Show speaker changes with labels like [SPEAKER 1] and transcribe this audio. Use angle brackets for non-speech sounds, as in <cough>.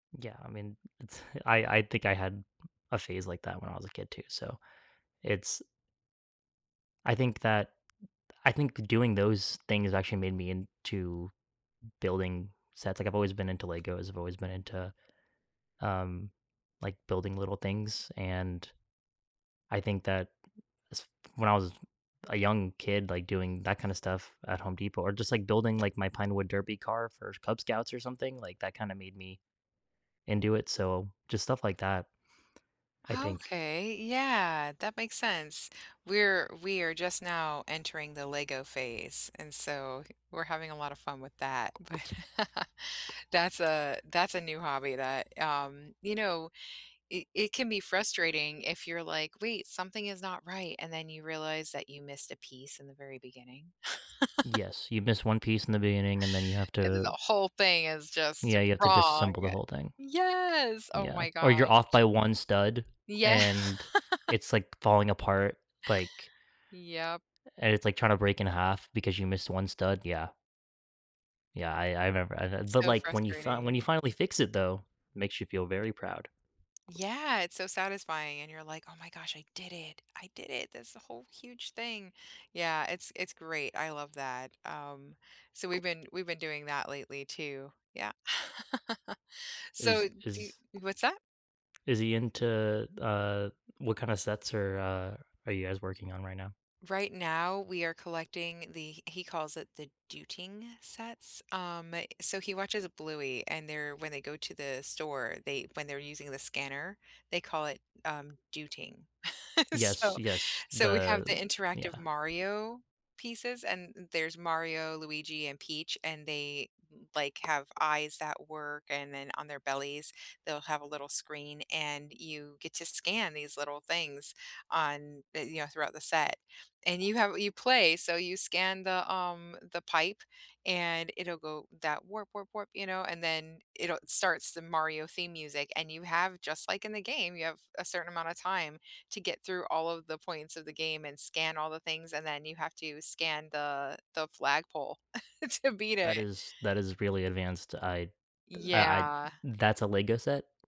[SPEAKER 1] Yeah, I mean, it's I I think I had a phase like that when I was a kid too so, it's I think that I think doing those things actually made me into building sets, like, I've always been into Legos. I've always been into, um, like, building little things, and I think that s when I was a young kid, like, doing that kinda stuff at Home Depot or just, like, building, like, my pinewood derby car for Cub Scouts or something, like, that kinda made me into it so, just stuff like that, I think
[SPEAKER 2] Okay, yeah, that makes sense, we're we are just now entering the LEGO phase, and so we're having a lot of fun with that, but, <chuckles> that's a that's a new hobby that, um you know, it it can be frustrating if you're like, "Wait, something is not right," and then you realize that you missed a piece in the very beginning. <laughs>
[SPEAKER 1] Yes, you've missed one piece in the beginning and then you have
[SPEAKER 2] And then the
[SPEAKER 1] to
[SPEAKER 2] whole thing is just
[SPEAKER 1] Yeah, you've to
[SPEAKER 2] wrong.
[SPEAKER 1] disassemble the whole thing.
[SPEAKER 2] Yes, oh
[SPEAKER 1] Yeah,
[SPEAKER 2] my gosh.
[SPEAKER 1] or you're off by one stud
[SPEAKER 2] Yeah.
[SPEAKER 1] and it's like falling apart like
[SPEAKER 2] Yep.
[SPEAKER 1] and it's like trying to break in half because you missed one stud, yeah. Yeah, I I remember I'd but
[SPEAKER 2] So
[SPEAKER 1] like when you fin
[SPEAKER 2] frustrating.
[SPEAKER 1] when you finally fix it though, makes you feel very proud.
[SPEAKER 2] Yeah, it's so satisfying, and you're like, "Oh my gosh I did it, I did it, this whole huge thing." Yeah, It's it's great, I love that, um, so we've been we've been doing that lately too, yeah. <laughs>
[SPEAKER 1] Is
[SPEAKER 2] So do
[SPEAKER 1] is
[SPEAKER 2] what's that?
[SPEAKER 1] is he into, uh, what kind of sets are, uh, are you guys working on right now?
[SPEAKER 2] Right now, we are collecting the he calls it the "dooting" sets, um, so he watches the Bluey, and they're when they go to the store, they when they're using the scanner, they call it, um, "dooting." <laughs>
[SPEAKER 1] Yes,
[SPEAKER 2] So
[SPEAKER 1] yes.
[SPEAKER 2] so we have the
[SPEAKER 1] The
[SPEAKER 2] interactive
[SPEAKER 1] yeah.
[SPEAKER 2] Mario pieces, and there's Mario, Luigi, and Peach, and they, like, have eyes that work, and then on their bellies, they'll have a little screen and you get to scan these little things on, you know, throughout the set, and you have you play, so you scan the, um, the pipe, and it'll go that warp warp warp, you know, and then it'll starts the Mario theme music and you have- just like in the game- you have a certain amount of time to get through all of the points of the game and scan all the things and then you have to scan the the flagpole <chuckles> to beat
[SPEAKER 1] That
[SPEAKER 2] it.
[SPEAKER 1] is that is really advanced I I I
[SPEAKER 2] Yeah.
[SPEAKER 1] that's a LEGO set?